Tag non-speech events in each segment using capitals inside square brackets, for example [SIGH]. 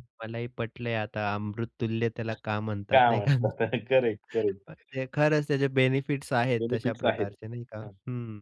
मलाही पटलंय आता अमृततुल्य त्याला का म्हणतात, काय नाही का? म्हणता? [CHUCKLES] [CHUCKLES] Correct, correct. म्हणजे खरंच त्याचे बेनिफिट्स आहेत तशा बेनिफिट्स आहेत. प्रकारचे नाही का. हं. हं,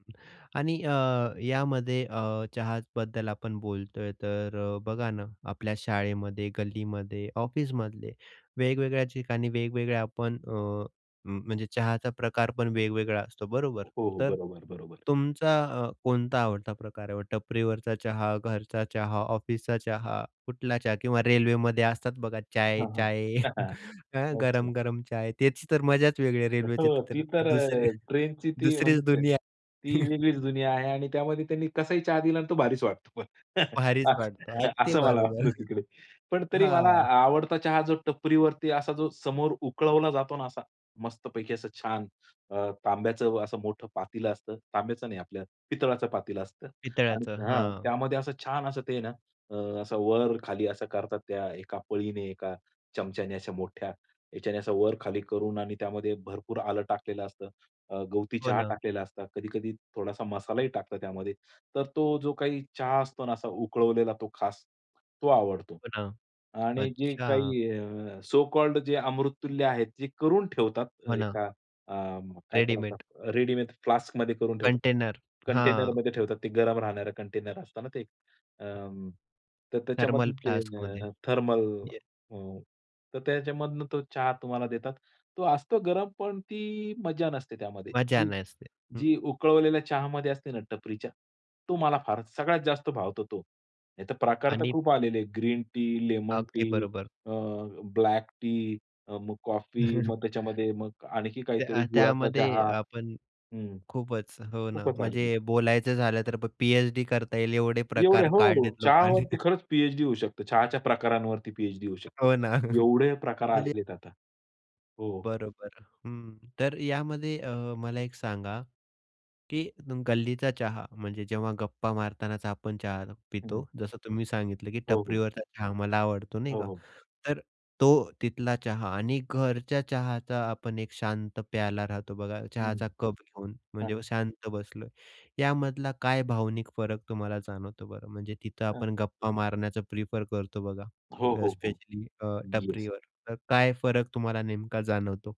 आणि अ, यामध्ये अ, चहाबद्दल आपण बोलतोय, तर अ, बघा ना आपल्या शाळेमध्ये, गल्लीमध्ये, ऑफिसमधले वेगवेगळ्या ठिकाणी वेगवेगळ्या आपण अ, हं, म्हणजे चहाचा प्रकार पण वेगवेगळा असतो, बरोबर? हो, हो, तर बरोबर, बरोबर. तुमचा अ, कोणता आवडता प्रकार आहे. टपरीवरचा चहा, घरचा चहा, ऑफिसचा चहा, कुठला चहा किंवा रेल्वेमध्ये असतात बघा हां, हां. चाय-चाय [CHUCKLES] [CHUCKLES] अ, ओके. गरम-गरम चाय तेच तर मजाच वेगळी आहे. रेल्वेची हो, ती तर दुसरी अ, ट्रेनची ती म्हणजे दुसरीच दुनिया. [UNINTELLIGIBLE] ती [CHUCKLES] वेगळीच दुनिया आहे आणि त्यामध्ये त्यांनी कसाही चहा दिला आणि तो भारीच वाटतो, भारीच वाटतो. असं अगदी असं मला बरोबर. वाटतं [CHUCKLES] तिकडे. पण तरी मला हां. आ आवडता चहा टपरीवरती असा जो समोर उकळवला जातो ना असा मस्तपैकी असं छान अ, तांब्याचं असं मोठं पातेलं असतं. तांब्याचं नाही आपल्या पितळाचं पातेलं असतं आणि पितळ्याचं. हं, हां. त्यामध्ये असं छान असं ते आहे ना असं वर-खाली असं करतात, त्या एका पळीने, एका चमच्याने अशा मोठ्या याच्याने असं वर-खाली करून आणि त्यामध्ये भरपूर आलं टाकलेलं असतं, अ, गवती हो चहा ना. टाकलेला असता. कधी-कधी थोडासा मसालाही टाकतात त्यामध्ये. तर तो जो काही चहा असतो ना असा उकळवलेला तो खास, तो आवडतो. हो ना, आणि जे अच्छा. काही अ, सो कॉल्ड जे अमृततुल्य आहेत. ते करून ठेवतात हो ना. एका अ, काय त्याला रेडीमेड. म्हणतात? रेडीमेड फ्लास्कमध्ये करून ठेवतात, कंटेनर, हां. कंटेनरमध्ये ठेवतात. ते गरम राहणारं कंटेनर असतं ना ते. अ, तर थर्मल त्याच्यामधून ते फ्लास्कमध्ये. अ, थर्मल येस. अ, तर त्याच्यामधून तो चहा तुम्हाला देतात. तो असतो गरम, पण ती मज्जा नसते त्यामध्ये. मजा की नसते. हं. जी उकळवलेल्या चहामध्ये असते ना टपरीच्या. तो मला फारच सगळ्यात जास्त भावतो तो. नाहीतर प्रकार तर आणि खूप आलेले आहे ग्रीन टी, लेमन अगदी टी, बरोबर. अ, ब्लॅक टी अ, मग कॉफी, मग [CHUCKLES] त्याच्यामध्ये मग आणखी त्या काहीतरी अ, गुळाचा त्यामध्ये चहा. आपण हं, खूपच हो ना, खूपच आलेली म्हणजे आहे. बोलायचं झालं तर पी-एच-डी करता येईल एवढे एवढे प्रकार हो, काढलेत लोकांनी. चहावरती [CHUCKLES] खरंच पी-एच-डी होऊ शकते. चहाच्या प्रकारांवरती पी-एच-डी होऊ शकते. हो ना. म्हणजे एवढे प्रकार आलेले आहेत आता. हो. बरोबर, हं. तर यामध्ये अ, मला एक सांगा की तुम गल्लीचा चहा म्हणजे जेव्हा गप्पा मारतानाचा आपण चहा हं. पितो. जसं तुम्ही सांगितलं की हो, हो. "टपरीवरचा चहा मला आवडतो," नाही हो, का? हो. तर तो तिथला चहा आणि घरच्या चहाचा आपण एक शांत प्याला राहतो बघा हं. चहाचा कप घेऊन म्हणजे हां. शांत बसलोय. यामधला काय भावनिक फरक तुम्हाला जाणवतो बरं, म्हणजे तिथं आपण गप्पा मारण्याचं प्रिफर करतो बघा हो, अ, हो, हो. स्पेशली अ, येस. टपरीवर. तर काय फरक तुम्हाला नेमका जाणवतो?